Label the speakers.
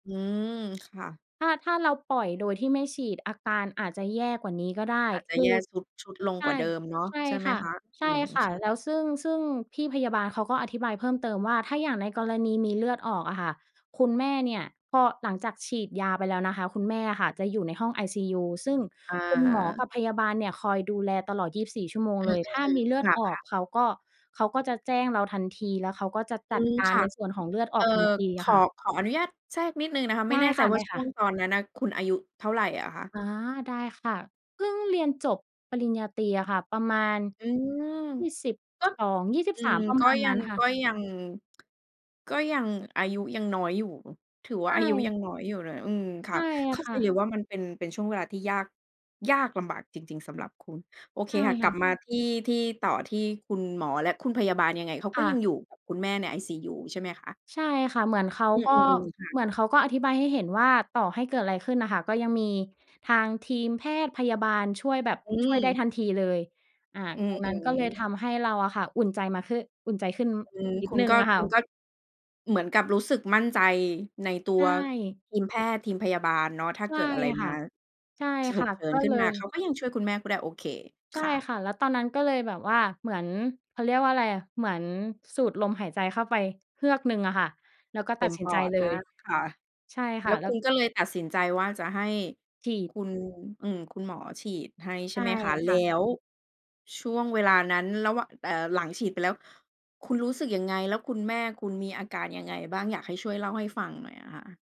Speaker 1: อืม ค่ะ
Speaker 2: ถ้า ถ้าเราปล่อยโดยที่ไม่ฉีดอาการอาจจะแย่กว่านี้ก็ได้
Speaker 1: อาจจะ
Speaker 2: ค
Speaker 1: แ
Speaker 2: ื
Speaker 1: ย่
Speaker 2: อ
Speaker 1: ทรุด ชุดลง
Speaker 2: ใช
Speaker 1: กว่า
Speaker 2: ่
Speaker 1: เดิมเนาะ
Speaker 2: ใช่
Speaker 1: ใช่ไหม
Speaker 2: ค่ะ
Speaker 1: คะ? อ
Speaker 2: ใ
Speaker 1: ื
Speaker 2: ช่
Speaker 1: ม
Speaker 2: ค่
Speaker 1: ค
Speaker 2: ะ
Speaker 1: ่ะ
Speaker 2: แล้วซึ่ง ซึ่งพี่พยาบาลเขาก็อธิบายเพิ่มเติมว่า ถ้าอย่างในกรณีมีเลือดออกอะค่ะ คุณแม่เนี่ยพอหลังจากฉีดยาไปแล้วนะคะ คุณแม่อะค่ะจะอยู่ในห้องไอซียู ซึ่ง
Speaker 1: อ
Speaker 2: คุณหมอก
Speaker 1: า
Speaker 2: ับพยาบาลเนี่ยคอยดูแลตลอด 24 ชั่วโมง
Speaker 1: อื
Speaker 2: เลย ถ
Speaker 1: ม
Speaker 2: ้ามีเล
Speaker 1: ๆ
Speaker 2: ือ
Speaker 1: ๆ
Speaker 2: ดอ
Speaker 1: ค
Speaker 2: อ
Speaker 1: ่
Speaker 2: ก
Speaker 1: ะ ๆ
Speaker 2: เขาก็ เขาก็จะแจ้งเราทันที แล้วเขาก็จะจ
Speaker 1: อื
Speaker 2: ัด
Speaker 1: ม
Speaker 2: กา
Speaker 1: ค
Speaker 2: ร
Speaker 1: ่ะ
Speaker 2: ในส่วนของเลือดอ
Speaker 1: เอ่
Speaker 2: อ
Speaker 1: อ
Speaker 2: กทันที
Speaker 1: ข
Speaker 2: ค
Speaker 1: อ
Speaker 2: ่ะ
Speaker 1: ขออนุญาตแทรกนิดหนึ่งนะคะ
Speaker 2: ไ
Speaker 1: ไม
Speaker 2: ด
Speaker 1: ่
Speaker 2: ้
Speaker 1: แน่ใ
Speaker 2: ค
Speaker 1: จว่าช่
Speaker 2: ่ะ
Speaker 1: ว
Speaker 2: ๆ
Speaker 1: งตอนนั้นน่ะ คุณอายุเท่าไรอะคะ?
Speaker 2: อา ได้ค่ะ เพิ่งเรียนจบปริญญาตรีอะค่ะ ประมาณ
Speaker 1: อืม
Speaker 2: ยี่สิบ
Speaker 1: ก็
Speaker 2: สองยี่สิ
Speaker 1: อ
Speaker 2: บ
Speaker 1: ื
Speaker 2: สา
Speaker 1: ม
Speaker 2: ม ประ
Speaker 1: ก
Speaker 2: ม
Speaker 1: ็
Speaker 2: าณ
Speaker 1: ย
Speaker 2: น
Speaker 1: ั
Speaker 2: ั้น
Speaker 1: ง
Speaker 2: ค่
Speaker 1: ก
Speaker 2: ะ
Speaker 1: ็ยัง ก็ยังอายุยังน้อยอยู่ ถือว
Speaker 2: ใช
Speaker 1: ่าอายุยั
Speaker 2: ่
Speaker 1: งน้อยอยู่เลย อืม ค
Speaker 2: ใ
Speaker 1: ่
Speaker 2: ช
Speaker 1: ะ
Speaker 2: ่
Speaker 1: เข้า
Speaker 2: ค
Speaker 1: ใจ
Speaker 2: ่ะ
Speaker 1: เลยว่ามันเป็น เป็นช่วงเวลาที่ ยาก ยากลำบากจริง ๆ สำหรับคุณ โอเค
Speaker 2: ใช่
Speaker 1: ค่ะ
Speaker 2: ค
Speaker 1: ก
Speaker 2: ่
Speaker 1: ลับ
Speaker 2: ะ
Speaker 1: มาที่ ที่ต่อที่คุณหมอและคุณพยาบาลยังไงเขาก
Speaker 2: ค
Speaker 1: ็
Speaker 2: ่
Speaker 1: ยัง
Speaker 2: ะ
Speaker 1: อยู่กับคุณแม่ในไอซียู ใช่ไหมคะ?
Speaker 2: ใช่ค่ะ เหมือนเขา
Speaker 1: อื
Speaker 2: ก็
Speaker 1: อ ๆ ๆ ค่ะ
Speaker 2: เหมือนเขาก็อธิบายให้เห็นว่า ต่อให้เกิดอะไรขึ้นน่ะค่ะ ก็ยังมีทางทีมแพทย์พยาบาลช่วยแบบ
Speaker 1: อื
Speaker 2: ช่วยได้
Speaker 1: ม
Speaker 2: ทันทีเลย อา
Speaker 1: อื
Speaker 2: ตรงนั้น
Speaker 1: ม
Speaker 2: ก็เลยท
Speaker 1: ๆ
Speaker 2: ำให้เราอะค่ะอุ่นใจมาขึ อุ่นใจขึ้น
Speaker 1: อืม
Speaker 2: นิ
Speaker 1: ค
Speaker 2: ด
Speaker 1: ุ
Speaker 2: หน
Speaker 1: ณ
Speaker 2: ึ่
Speaker 1: ก
Speaker 2: ง
Speaker 1: ็
Speaker 2: อะค
Speaker 1: ค
Speaker 2: ่
Speaker 1: ุณ
Speaker 2: ะ
Speaker 1: ก็ เหมือนกับรู้สึกมั่นใจในตั
Speaker 2: ใช
Speaker 1: ว
Speaker 2: ่
Speaker 1: ทีมแพทย์ทีมพยาบาลเนาะ ถ้า
Speaker 2: ใช
Speaker 1: เก
Speaker 2: ่
Speaker 1: ิดอะไร
Speaker 2: ค
Speaker 1: ม
Speaker 2: ่
Speaker 1: า
Speaker 2: ะ ใช่
Speaker 1: ฉ
Speaker 2: ค
Speaker 1: ุ
Speaker 2: ่
Speaker 1: ก
Speaker 2: ะ
Speaker 1: เฉิ
Speaker 2: ก
Speaker 1: น
Speaker 2: ็
Speaker 1: ขึ้
Speaker 2: เล
Speaker 1: นมา
Speaker 2: ย
Speaker 1: เค้าก็ยังช่วยคุณแม่คุณได้ โอเค
Speaker 2: ใช
Speaker 1: ค
Speaker 2: ่
Speaker 1: ่ะ
Speaker 2: ค่ะ แล้วตอนนั้นก็เลยแบบว่า เหมือน เขาเรียกว่าอะไรอะ เหมือนสูดลมหายใจเข้าไปเฮือกหนึ่งอะค่ะ แล้วก็ต
Speaker 1: เต
Speaker 2: ั
Speaker 1: ็
Speaker 2: ด
Speaker 1: ม
Speaker 2: สิน
Speaker 1: ป
Speaker 2: ใจ
Speaker 1: อด
Speaker 2: เล
Speaker 1: อ
Speaker 2: ย
Speaker 1: า ค่ะ
Speaker 2: ใช่ค
Speaker 1: แล
Speaker 2: ่ะ
Speaker 1: ้ว
Speaker 2: แล้
Speaker 1: คุ
Speaker 2: ว
Speaker 1: ณก็เลยตัดสินใจว่า จะให้
Speaker 2: ฉีด
Speaker 1: คุณ อือ คุณหมอฉีดให้ใ
Speaker 2: ใ
Speaker 1: ช
Speaker 2: ช
Speaker 1: ่
Speaker 2: ่
Speaker 1: ไหมคะ? แ
Speaker 2: ค่
Speaker 1: ล
Speaker 2: ะ
Speaker 1: ้วช่วงเวลานั้นระหวะ เอ่อ หลังฉีดไปแล้ว คุณรู้สึกยังไง? แล้วคุณแม่คุณมีอาการยังไงบ้าง? อยากให้ช่วยเล่าให้ฟังหน่อยอะค่ะ